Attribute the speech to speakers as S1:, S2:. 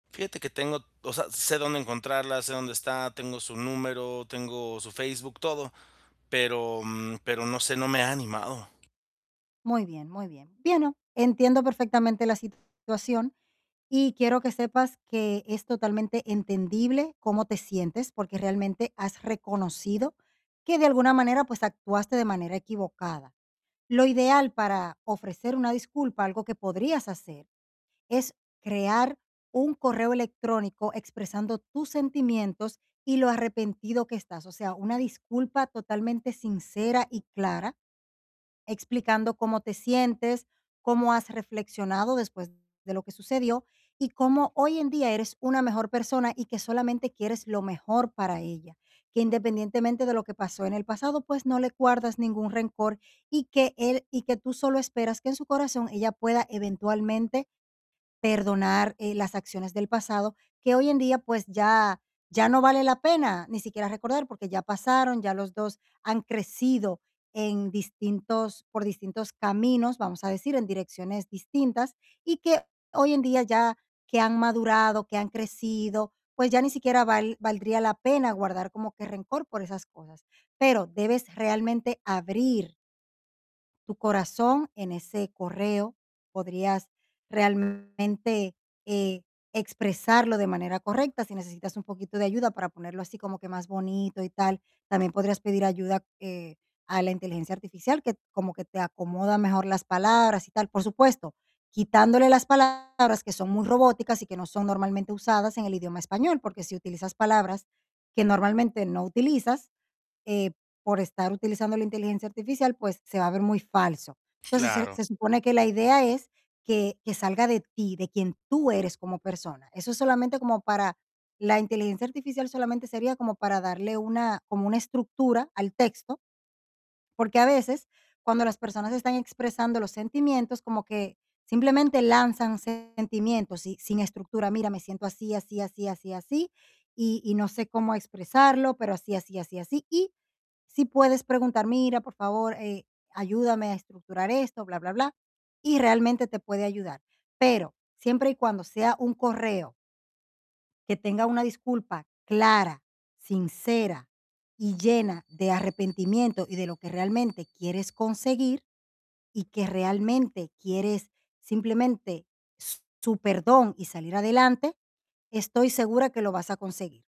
S1: Fíjate que tengo o sea, sé dónde encontrarla, sé dónde está, tengo su número, tengo su Facebook, todo, pero, mm, pero no sé, no me he animado.
S2: Muy bien, muy bien. Bueno, entiendo perfectamente la situación y quiero que sepas que es totalmente entendible cómo te sientes, porque realmente has reconocido que de alguna manera, pues actuaste de manera equivocada. Lo ideal para ofrecer una disculpa, algo que podrías hacer, es crear un correo electrónico expresando tus sentimientos y lo arrepentido que estás. O sea, una disculpa totalmente sincera y clara, explicando cómo te sientes, cómo has reflexionado después de lo que sucedió y cómo hoy en día eres una mejor persona y que solamente quieres lo mejor para ella, que independientemente de lo que pasó en el pasado, pues, no le guardas ningún rencor y que él y que tú solo esperas que en su corazón ella pueda eventualmente perdonar, eh, las acciones del pasado, que hoy en día, pues ya ya no vale la pena ni siquiera recordar, porque ya pasaron, ya los 2 han crecido en distintos por distintos caminos, vamos a decir, en direcciones distintas, y que hoy en día ya que han madurado, que han crecido, pues, ya ni siquiera val valdría la pena guardar como que rencor por esas cosas. Pero debes realmente abrir tu corazón en ese correo. Podrías realmente, eh, expresarlo de manera correcta. Si necesitas un poquito de ayuda para ponerlo así como que más bonito y tal, también podrías pedir ayuda, eh, a la inteligencia artificial, que como que te acomoda mejor las palabras y tal. Por supuesto, quitándole las palabras que son muy robóticas y que no son normalmente usadas en el idioma español, porque si utilizas palabras que normalmente no utilizas, eh, por estar utilizando la inteligencia artificial, pues se va a ver muy falso. Entonces, se
S1: Claro.
S2: se supone que la idea es que que salga de ti, de quien tú eres como persona. Eso es solamente como para la inteligencia artificial solamente sería como para darle una, como una estructura al texto, porque a veces cuando las personas están expresando los sentimientos, como que simplemente lanzan sentimientos y sin estructura: mira, me siento así, así, así, así, así. Y y no sé cómo expresarlo, pero así, así, así, así. Y sí puedes preguntar: "Mira, por favor, eh, ayúdame a estructurar esto, bla bla bla". Y realmente te puede ayudar. Pero siempre y cuando sea un correo que tenga una disculpa clara, sincera y llena de arrepentimiento y de lo que realmente quieres conseguir y que realmente quieres simplemente s su perdón y salir adelante, estoy segura que lo vas a conseguir.